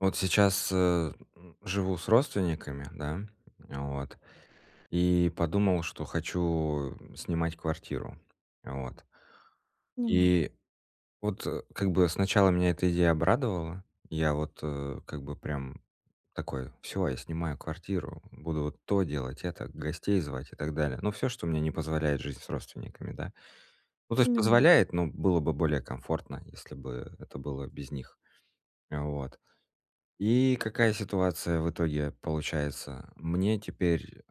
Вот сейчас, э, живу с родственниками, да, а вот. И подумал, что хочу снимать квартиру. Вот. Понимаю. И вот, э, как бы сначала меня эта идея обрадовала. Я вот, э, как бы, прям такой: "Всё, я снимаю квартиру, буду вот то делать, это, гостей звать" и так далее. Ну, всё, что мне не позволяет жить с родственниками, да. Ну, то есть, Понимаю. позволяет, но было бы более комфортно, если бы это было без них. А вот, и какая ситуация в итоге получается? Мне теперь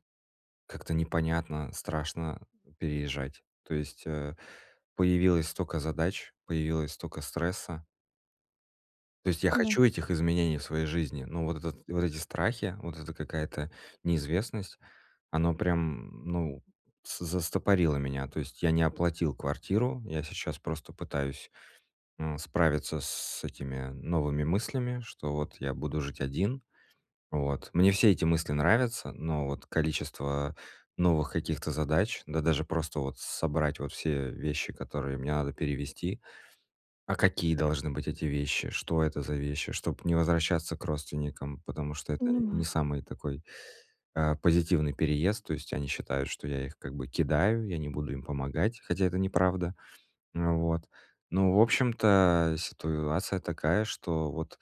как-то непонятно, страшно переезжать. То есть, а, появилось столько задач, появилось столько стресса. То есть я Да. хочу этих изменений в своей жизни. Но вот этот вот эти страхи, вот эта какая-то неизвестность, оно прям, ну, с застопорило меня. То есть я не оплатил квартиру, я сейчас просто пытаюсь, м, справиться с этими новыми мыслями, что вот я буду жить один. Вот. Мне все эти мысли нравятся, но вот количество новых каких-то задач, да даже просто вот собрать вот все вещи, которые мне надо перевезти. А какие должны быть эти вещи? Что это за вещи? Чтоб не возвращаться к родственникам, потому что это нь не Понимаю. самый такой, а, позитивный переезд. То есть они считают, что я их как бы кидаю, я не буду им помогать, хотя это неправда. А, вот. Ну, в общем-то, ситуация такая, что вот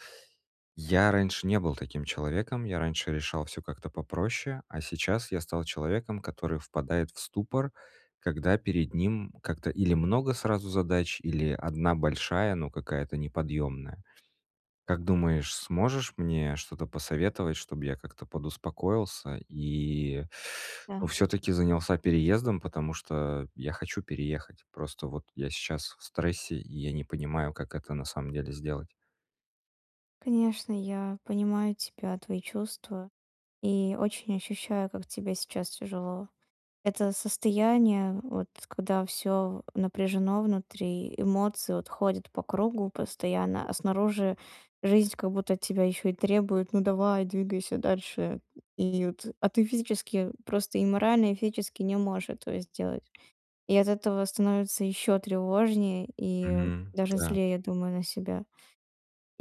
я раньше не был таким человеком, я раньше решал всё как-то попроще, а сейчас я стал человеком, который впадает в ступор, когда перед ним как-то или много сразу задач, или 1 большая, но какая-то неподъемная. Как думаешь, сможешь мне что-то посоветовать, чтобы я как-то подуспокоился и, ну, Да. всё-таки занялся переездом, потому что я хочу переехать. Просто вот я сейчас в стрессе, и я не понимаю, как это на самом деле сделать. Конечно, я понимаю тебя, твои чувства. И очень ощущаю, как тебе сейчас тяжело. Это состояние, вот, когда всё в напряжено внутри, эмоции, вот, ходят по кругу постоянно, а снаружи жизнь как будто от тебя ещё и требует: "Ну давай, двигайся дальше". И вот, а ты физически просто и морально, и физически не можешь этого сделать. И от этого становится ещё тревожнее, и Мгм, даже да. злее, я думаю, на себя.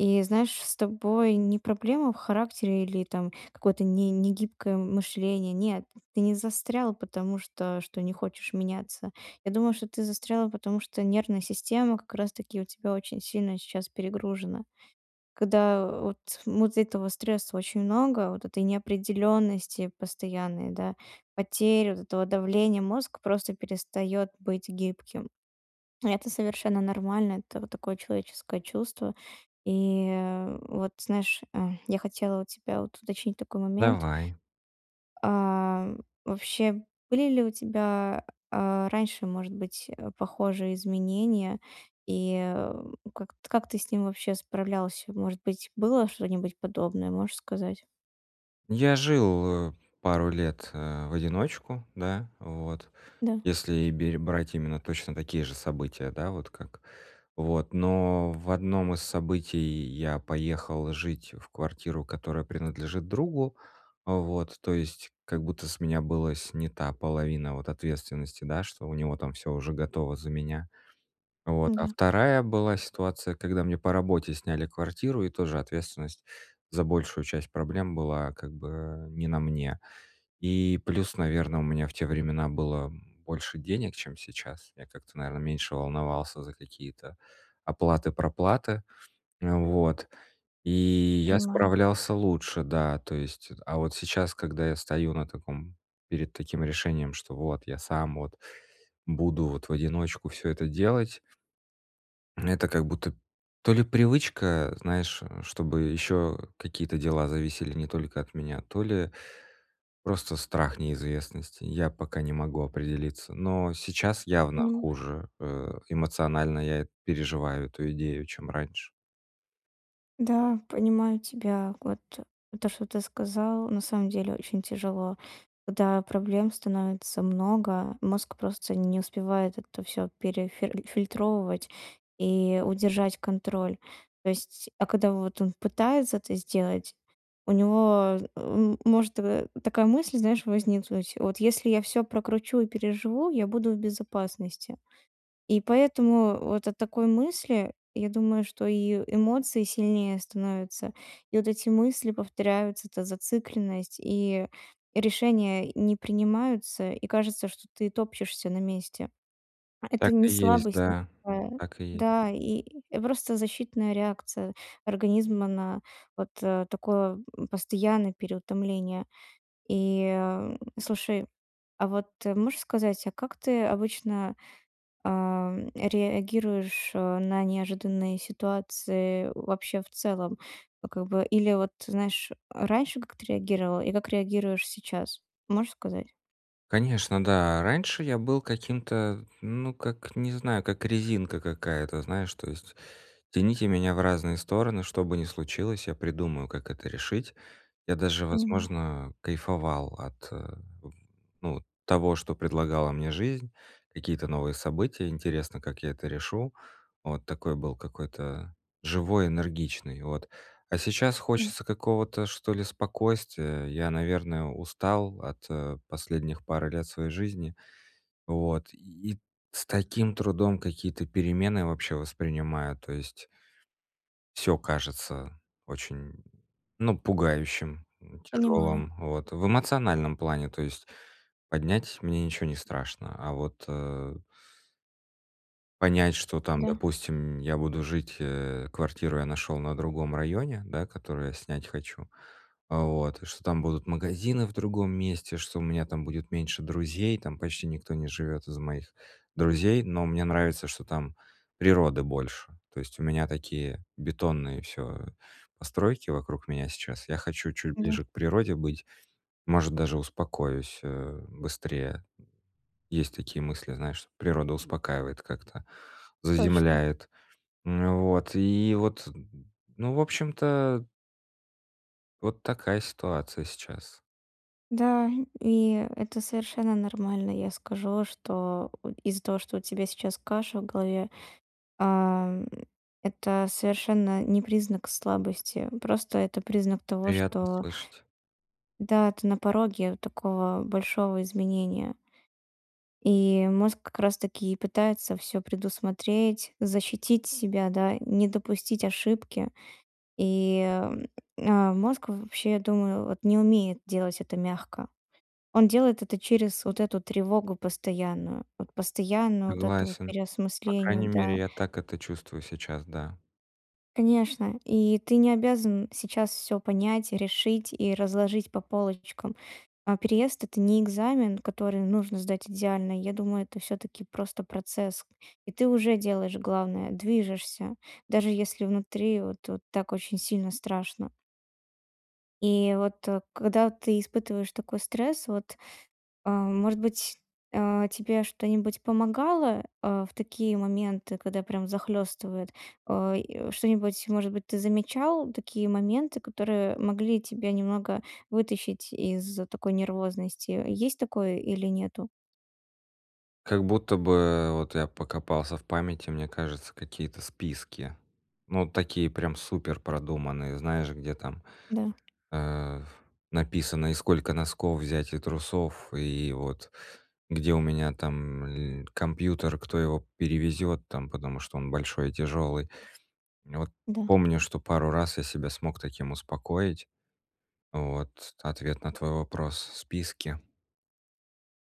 И, знаешь, с тобой не проблема в характере или там какое-то не негибкое мышление. Нет, ты не застрял, потому что что не хочешь меняться. Я думаю, что ты застрял, потому что нервная система как раз-таки у тебя очень сильно сейчас перегружена. Когда, вот, му дц этого стресса очень много, вот этой неопределённости постоянной, да, потери вот этого давления, мозг просто перестаёт быть гибким. Это совершенно нормально, это вот такое человеческое чувство. И, а, вот, знаешь, а, я хотела у тебя, вот, уточнить такой момент. Давай. Ам, вообще были ли у тебя, а, раньше, может быть, э, похожие изменения? И, а, у как т как ты с ним вообще справлялся? Может быть, было что-нибудь подобное? Можешь сказать? Я жил, э, пару лет, э, в одиночку, да, вот. Да. Если и берь брать именно точно такие же события. Да, вот как вот, но в одном из событий я поехал жить в квартиру, которая принадлежит другу. А, вот. То есть как будто с меня была снята половина вот ответственности, да, что у него там всё уже готово за меня. Вот. А Да. 2 была ситуация, когда мне по работе сняли квартиру, и тоже ответственность за большую часть проблем была как бы не на мне. И плюс, наверно, у меня в те времена было больше денег, чем сейчас. Я как-то, наверное, меньше волновался за какие-то оплаты-проплаты. А, вот. И я Понимаю. справлялся лучше. Да, то есть. Э, а вот сейчас, когда я стою на таком, перед таким решением, что вот, я сам вот, буду вот в одиночку всё это делать это как будто то ли привычка, знаешь, чтобы ещё какие-то дела зависели не только от меня, то ли просто страх неизвестности. Я пока не могу определиться. Но сейчас явно Понимаю. хуже, э, эмоционально я переживаю эту идею, чем раньше. Да, понимаю тебя. Вот, то что ты сказал, на самом деле очень тяжело. Когда проблем становится много, мозг просто не успевает это всё перефиль фильтровывать и удержать контроль. То есть а когда вот он пытается это сделать, у него, э, м, может така такая мысль, знаешь, возникнуть: "Вот если я всё прокручу и переживу, я буду в безопасности". И поэтому вот от такой мысли, я думаю, что и, эмоции сильнее становятся, и вот эти мысли повторяются, эта зацикленность, и решения, э, не принимаются, и кажется, что ты топчешься на месте. А это Так не и есть, слабость да. никакая. Так и е Да, и просто защитная реакция организма на вот, э, такое, м, постоянное переутомление. И, ам, слушай, а вот, э, можешь сказать, а как ты обычно, ам, реагируешь, а, на неожиданные ситуации вообще в целом? Вот как бы или вот знаешь, а раньше как ты реагировал и как реагируешь сейчас, можешь сказать? Конечно, да. Раньше я был каким-то, ну, как, не знаю, как резинка какая-то, знаешь. То есть тяните меня в разные стороны, что бы ни случилось, я придумаю, как это решить. Я даже, Понимаю. возможно, кайфовал от, э, ну, вот того, что предлагала мне жизнь, какие-то новые события, интересно, как я это решу. Вот такой был какой-то живой, энергичный. Вот. А сейчас Да. хочется какого-то, что ли, спокойствия. Я, наверное, устал от последних пары лет своей жизни. Вот, и с таким трудом какие-то перемены вообще воспринимаю. То есть Всё кажется очень, м, ну, пугающим, м, Понимаю. тяжёлым. Вот в эмоциональном плане, то есть поднять мне ничего не страшно, а вот э Понять, что, там, Да. допустим, я буду жить, э, квартиру я нашёл на другом районе, да, которую я снять хочу, а вот, что там будут магазины в другом месте, что у меня там будет меньше друзей, там почти никто не живёт из моих друзей, но мне нравится, что там природы больше. То есть у меня такие бетонные всё постройки вокруг меня сейчас, я хочу чуть Да. ближе к природе быть, может, даже успокоюсь, э, быстрее. Есть такие мысли, знаешь, природа успокаивает как-то, Точно. заземляет. Ну вот, и вот, ну, в общем-то Вот такая ситуация сейчас. Да, и это совершенно нормально. Я скажу, что от из-за того, что у тебя сейчас каша в голове, а, м, это совершенно не признак слабости. Просто это признак того, Приятно что слышать. Да, ты на пороге такого большого изменения. И мозг как раз-таки и пытается всё предусмотреть, защитить себя, да, не допустить ошибки. И, м, а мозг в вообще, я думаю, вот не умеет делать это мягко. Он делает это через вот эту тревогу постоянную. Вот постоянно вот это вот Согласен. По переосмысление, крайней мере, да. я так это чувствую сейчас, да. Конечно, и ты не обязан сейчас всё понять, решить и разложить по полочкам. А переезд- это не экзамен, который нужно сдать идеально. Я думаю, это всё-таки просто процесс. И ты уже делаешь главное- движешься, даже если внутри вот вот так очень сильно страшно. И вот когда ты испытываешь такой стресс, вот, а, может быть, а, тебе что-нибудь помогало, а, в такие моменты, когда прям захлёстывает? А, и что-нибудь, может быть, ты замечал такие моменты, которые могли тебя немного вытащить из такой нервозности. Есть такое или нету? Как будто бы, э, вот я покопался в памяти, мне кажется, какие-то списки. Ну, такие прям суперпродуманные, знаешь, где там, Да. а, написано, и сколько носков взять, и трусов, и вот где у меня там ль компьютер, кто его перевезёт там, потому что он большой и тяжёлый. Вот. Да. Помню, что пару раз я себя смог таким успокоить. Вот, ответ на твой вопрос, списки.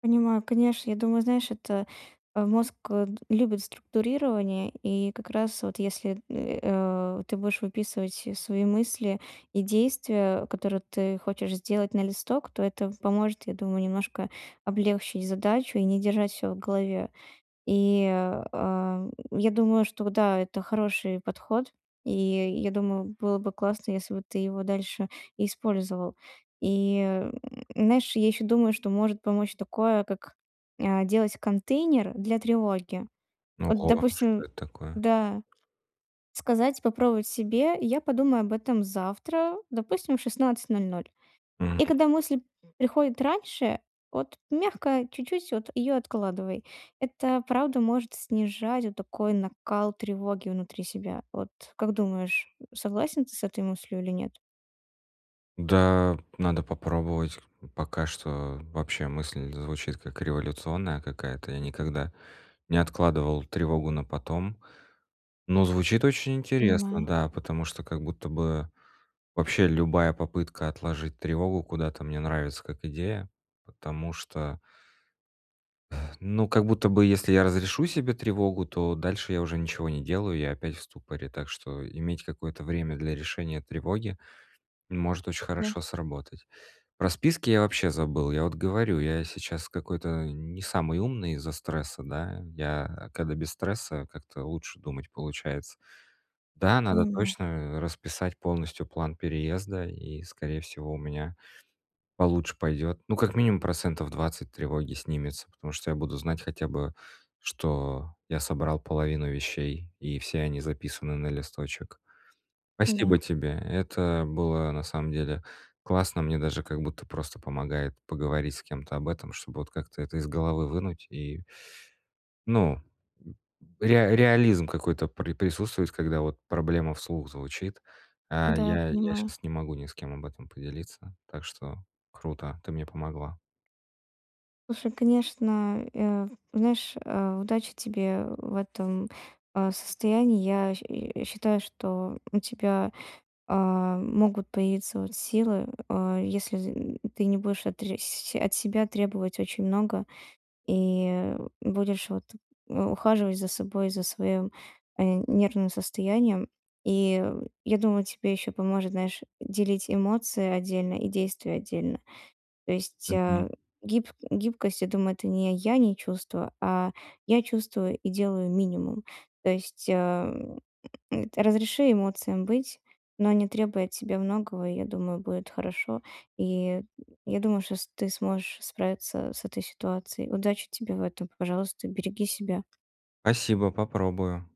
Понимаю, конечно, я думаю, знаешь, это, а, мозг д любит структурирование, и как раз вот если, э, а, ты будешь выписывать свои мысли и действия, которые ты хочешь сделать на листок, то это поможет, я думаю, немножко облегчить задачу и не держать всё в голове. И, а, м, я думаю, что да, это хороший подход. И я думаю, было бы классно, если бы ты его дальше использовал. И, м, знаешь, я ещё думаю, что может помочь такое, как, а, делать контейнер для тревоги. Н Вот, ого, а что допустим это такое? да, сказать, попробовать себе: "Я подумаю об этом завтра", допустим, в 16:00 М. и когда мысль приходит раньше, вот мягко чуть-чуть вот её откладывай. Это правда может снижать вот такой накал тревоги внутри себя. Вот как думаешь, согласен ты с этой мыслью или нет? Да, надо попробовать. Пока что вообще мысль звучит как революционная какая-то. Я никогда не откладывал тревогу на потом. Но звучит очень интересно, Понимаю. да, потому что как будто бы вообще любая попытка отложить тревогу куда-то мне нравится как идея. Потому что Ну, как будто бы если я разрешу себе тревогу, то дальше я уже ничего не делаю, я опять в ступоре. Так что иметь какое-то время для решения тревоги может очень Да. хорошо сработать. Про списки я вообще забыл. Я вот говорю, я сейчас какой-то не самый умный из-за стресса, да? Я, э, когда без стресса, как-то лучше думать получается. Да, надо Понимаю. точно, э, расписать полностью план переезда, и, скорее всего, у меня получше пойдет. Ну, как минимум процентов 20 тревоги снимется, потому что я буду знать хотя бы, что я собрал половину вещей, и все они записаны на листочек. Да. Спасибо тебе. Это было, на самом деле, классно. Мне даже как будто просто помогает поговорить с кем-то об этом, чтобы как-то это из головы вынуть. И Ну. Реа реализм какой-то при присутствует, когда вот проблема вслух звучит. А Да, я я понимаю. щас не могу ни с кем об этом поделиться. Так что круто, ты мне помогла. Слушай, конечно, э, знаешь, э, удачи тебе в этом, э, состоянии. Я, щ э, считаю, что у тебя, э, могут появиться, вот, силы, э, если, м, ты не будешь отресь от себя требовать очень много. И, э, будешь, вот, э, ухаживать за собой, за своим, э, нервным состоянием. И я думаю, тебе ещё поможет, знаешь, делить эмоции отдельно и действия отдельно. То есть, э, Мгм. гиб гибкость, я думаю, это не о я не чувство, а я чувствую и делаю минимум. То есть, э, разреши эмоциям быть, но не требуя от себя многого, и я думаю, будет хорошо. И я думаю, что с ты сможешь справиться с этой ситуацией. Удачи тебе в этом, пожалуйста, береги себя. Спасибо, попробую!